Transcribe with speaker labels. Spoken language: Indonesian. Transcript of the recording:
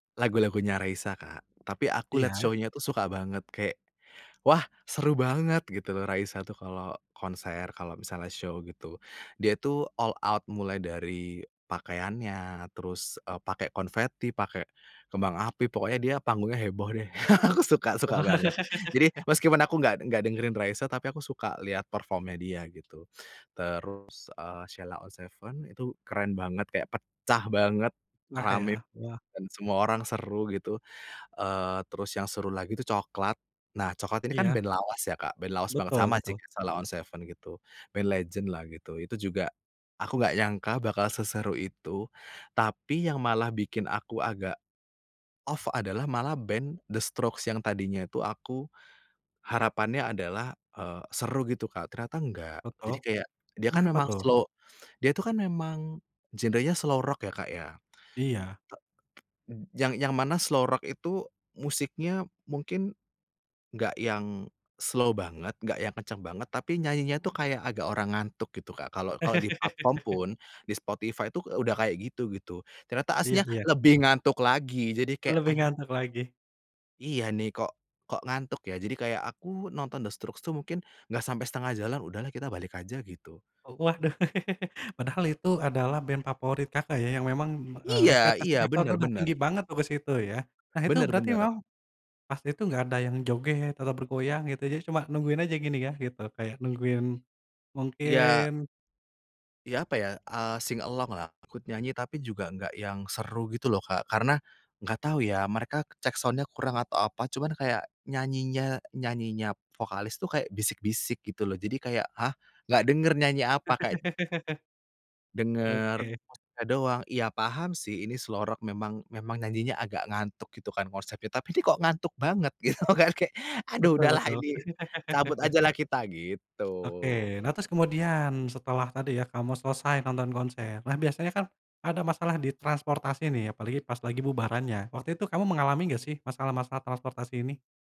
Speaker 1: Lagu-lagunya Raisa, Kak. Tapi aku lihat
Speaker 2: Iya.
Speaker 1: show-nya tuh suka banget, kayak "Wah! seru banget," gitu loh, Raisa tuh kalau konser, kalau misalnya show gitu. Dia tuh all out, mulai dari pakaiannya, terus, eee, pakai konveti, pakai kembang api, pokoknya dia panggungnya heboh deh. Aku suka suka banget. Jadi, meskipun aku enggak enggak dengerin Raisa, tapi aku suka lihat perform-nya dia gitu. Terus, eee, Sheila On 7 itu keren banget, kayak pecah banget,
Speaker 2: Nah,
Speaker 1: ramai
Speaker 2: ya. Wah!
Speaker 1: dan semua orang seru gitu, eee, terus yang seru lagi itu Cokelat. Nah, Cokelat ini kan
Speaker 2: Iya.
Speaker 1: band lawas ya, Kak, band lawas banget,
Speaker 2: Betul
Speaker 1: sama sih
Speaker 2: betul.
Speaker 1: Sheila On 7 gitu. Band legend lah gitu, itu juga aku gak nyangka bakal seseru itu, tapi yang malah bikin aku agak off adalah malah band The Strokes yang tadinya itu aku, harapannya adalah, eee, seru gitu, Kak. Ternyata enggak,
Speaker 2: Betul,
Speaker 1: jadi kayak dia kan
Speaker 2: kenapa
Speaker 1: memang
Speaker 2: tuh?
Speaker 1: slow dia itu kan memang genrenya slow rock ya, Kak, ya.
Speaker 2: Iya.
Speaker 1: T yang yang mana slow rock itu musiknya mungkin enggak yang slow banget, enggak yang kenceng banget, tapi nyanyinya tuh kayak agak orang ngantuk gitu, Kak, kalau kalau di platform pun di Spotify itu udah kayak gitu gitu. Ternyata
Speaker 2: Iya
Speaker 1: aslinya
Speaker 2: iya.
Speaker 1: lebih ngantuk lagi jadi kayak,
Speaker 2: Lebih
Speaker 1: aduh.
Speaker 2: ngantuk lagi.
Speaker 1: Iya nih, kok kok ngantuk ya? Jadi, kayak aku nonton The Strokes tuh mungkin enggak sampai setengah jalan, udahlah kita balik aja gitu.
Speaker 2: Waduh! Padahal itu adalah band favorit, Kakak, ya, yang memang, eee,
Speaker 1: Iya
Speaker 2: ekspektasi
Speaker 1: iya,
Speaker 2: Kakak udah
Speaker 1: bener
Speaker 2: udah
Speaker 1: bener.
Speaker 2: tinggi banget tuh ke situ ya. Nah, itu
Speaker 1: Bener
Speaker 2: berarti
Speaker 1: bener.
Speaker 2: memang pas itu enggak ada yang joget atau bergoyang gitu? Jadi cuma nungguin aja gini ya, gitu, kayak nungguin
Speaker 1: Iya.
Speaker 2: mungkin
Speaker 1: Iya, apa ya, eee, sing along-lah ikut nyanyi, tapi juga enggak yang seru gitu loh, Kak. Karena enggak tahu ya mereka check sound-nya kurang atau apa. Cuman kayak nyanyinya nyanyinya vokalis tuh kayak bisik-bisik gitu loh. Jadi kayak "Hah! Gak denger nyanyi apa?" kayak denger
Speaker 2: Oke.
Speaker 1: [unintelligible] doang. Iya, paham sih ini slow rock memang memang nyanyinya agak ngantuk gitu kan konsepnya, tapi kok ngantuk banget gitu. Gak kayak aduh
Speaker 2: Betul
Speaker 1: udahlah
Speaker 2: betul.
Speaker 1: ini cabut ajalah kita, gitu.
Speaker 2: Oke! Nah, terus kemudian setelah tadi ya kamu selesai nonton konser. Nah, biasanya kan ada masalah di transportasi nih apalagi pas lagi bubarannya, waktu itu kamu mengalami enggak sih, masalah-masalah transportasi ini?